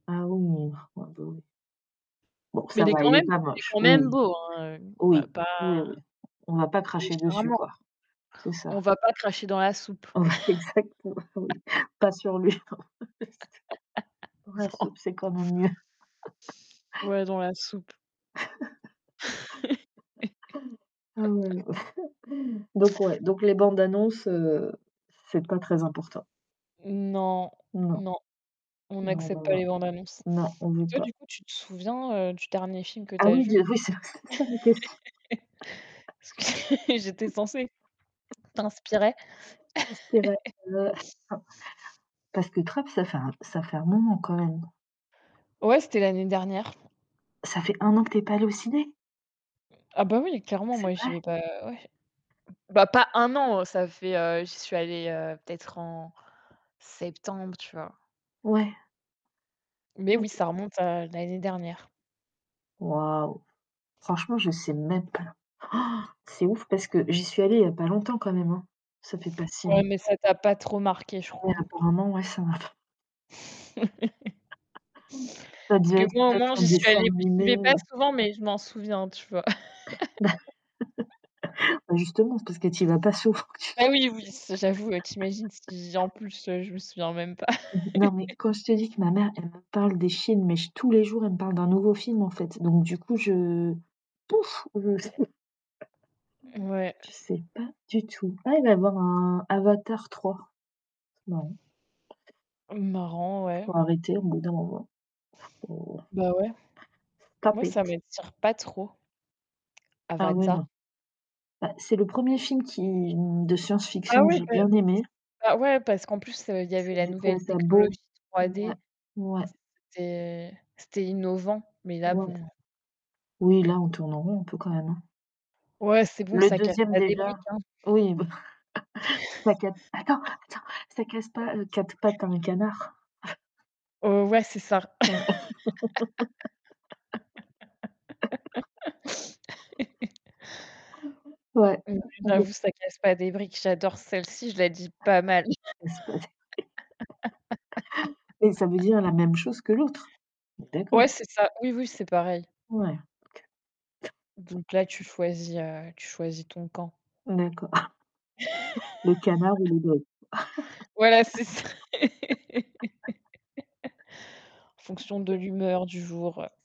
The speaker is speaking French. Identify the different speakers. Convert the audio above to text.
Speaker 1: Ah ouh, ah bah oui. Bon
Speaker 2: Mais
Speaker 1: ça
Speaker 2: il est
Speaker 1: va,
Speaker 2: quand
Speaker 1: il est
Speaker 2: même
Speaker 1: pas
Speaker 2: il est
Speaker 1: moche,
Speaker 2: quand même
Speaker 1: oui,
Speaker 2: beau, hein. On va
Speaker 1: oui,
Speaker 2: pas
Speaker 1: oui. On va pas cracher dessus
Speaker 2: différemment.
Speaker 1: quoi, c'est ça.
Speaker 2: On va pas cracher dans la soupe.
Speaker 1: On va exactement, oui, pas sur lui. Ouais,
Speaker 2: Non.
Speaker 1: soupe, c'est quand même mieux.
Speaker 2: Ouais, dans la soupe.
Speaker 1: Ah, ouais, donc, ouais, donc les bandes-annonces, heu, c'est pas très important?
Speaker 2: Non,
Speaker 1: Non.
Speaker 2: non, on
Speaker 1: Non,
Speaker 2: accepte
Speaker 1: non,
Speaker 2: pas
Speaker 1: non,
Speaker 2: les bandes-annonces
Speaker 1: non, on
Speaker 2: et
Speaker 1: veut
Speaker 2: toi,
Speaker 1: pas.
Speaker 2: du coup, tu te souviens, heu, du dernier film que tu
Speaker 1: Ah
Speaker 2: as
Speaker 1: oui,
Speaker 2: vu?
Speaker 1: dis oui, c'était ça la question.
Speaker 2: J'étais censée t'inspirer.
Speaker 1: Parce que la la, heu, enfin parce que Trap ça fait ça fait un moment quand même?
Speaker 2: Ouais, c'était l'année dernière.
Speaker 1: Ça fait 1 an que tu es pas allée au ciné?
Speaker 2: Ah bah oui, clairement,
Speaker 1: C'est
Speaker 2: moi, j'y
Speaker 1: vrai?
Speaker 2: vais pas ouais bah pas 1 an, ça fait, heu, j'y suis allée, heu, peut-être en septembre, tu vois?
Speaker 1: Ouais.
Speaker 2: Mais oui,
Speaker 1: OK
Speaker 2: ça remonte à l'année dernière.
Speaker 1: Waouh, franchement je sais même pas. C'est ouf parce que j'y suis allée, il y a pas longtemps quand même, hein. Ça fait pas si
Speaker 2: Ouais, mais
Speaker 1: longtemps.
Speaker 2: ça t'a pas trop marqué, je crois
Speaker 1: Ouais
Speaker 2: hein?
Speaker 1: apparemment, ouais, ça m'a f Ça
Speaker 2: Parce que
Speaker 1: devait être
Speaker 2: moi au moins
Speaker 1: peut-être un
Speaker 2: j'y suis
Speaker 1: dessin
Speaker 2: allée j'y vais
Speaker 1: animé
Speaker 2: pas
Speaker 1: ou
Speaker 2: souvent, mais je m'en souviens, tu vois?
Speaker 1: Bah bah, justement, c'est parce que tu y vas pas, souvent t
Speaker 2: Ah oui, oui, c j'avoue, tu imagines si en plus, je me souviens même pas.
Speaker 1: Non, mais quand je te dis que ma mère, elle me parle des films, mais j tous les jours, elle me parle d'un nouveau film, en fait. Donc du coup, je, pouf, je
Speaker 2: Ouais.
Speaker 1: je sais pas du tout. Ah, elle va avoir un Avatar III. Bah, ouais.
Speaker 2: Marrant, ouais.
Speaker 1: Faut arrêter au bout d'un moment, faut
Speaker 2: Bah ouais,
Speaker 1: Stop
Speaker 2: moi
Speaker 1: it.
Speaker 2: ça m'attire pas trop.
Speaker 1: Ah ouais,
Speaker 2: Avatar
Speaker 1: non. Bah, c'est le 1er film qui, hem, de
Speaker 2: Ah
Speaker 1: science-fiction que
Speaker 2: oui,
Speaker 1: j'ai
Speaker 2: par
Speaker 1: bien
Speaker 2: c'est
Speaker 1: aimé
Speaker 2: bah ouais parce qu'en plus, il y avait
Speaker 1: [unintelligible]
Speaker 2: la
Speaker 1: j'ai
Speaker 2: nouvelle
Speaker 1: trouvé ça
Speaker 2: technologie
Speaker 1: beau,
Speaker 2: 3
Speaker 1: ouais ouais.
Speaker 2: D,
Speaker 1: Ouais.
Speaker 2: c'était c'était innovant, mais là bon.
Speaker 1: Ouais. Oui, là on tourne en rond un peu quand même, hein.
Speaker 2: Ouais, c'est bon,
Speaker 1: Le
Speaker 2: ça casse
Speaker 1: 2e
Speaker 2: pas des
Speaker 1: déjà,
Speaker 2: briques, hein.
Speaker 1: oui, bah, c'est pas q attends, attends, ça casse pas, heu, quatre pattes à un canard.
Speaker 2: Heu, ouais, c'est ça.
Speaker 1: Ouais,
Speaker 2: Mmh, ouais,
Speaker 1: ouais.
Speaker 2: j'avoue, ça casse pas des briques. J'adore celle-ci, je la dis pas mal.
Speaker 1: Casse pas les briques Et ça veut dire la même chose que l'autre. On est
Speaker 2: Ouais,
Speaker 1: d'accord?
Speaker 2: c'est ça. Oui, oui, c'est pareil.
Speaker 1: Ouais, OK.
Speaker 2: Donc là, tu choisis, heu, tu choisis ton camp.
Speaker 1: D'accord. Le canard ou le doigt?
Speaker 2: Voilà, c'est ça. En fonction de
Speaker 1: [unintelligible]
Speaker 2: l'humeur du jour, heu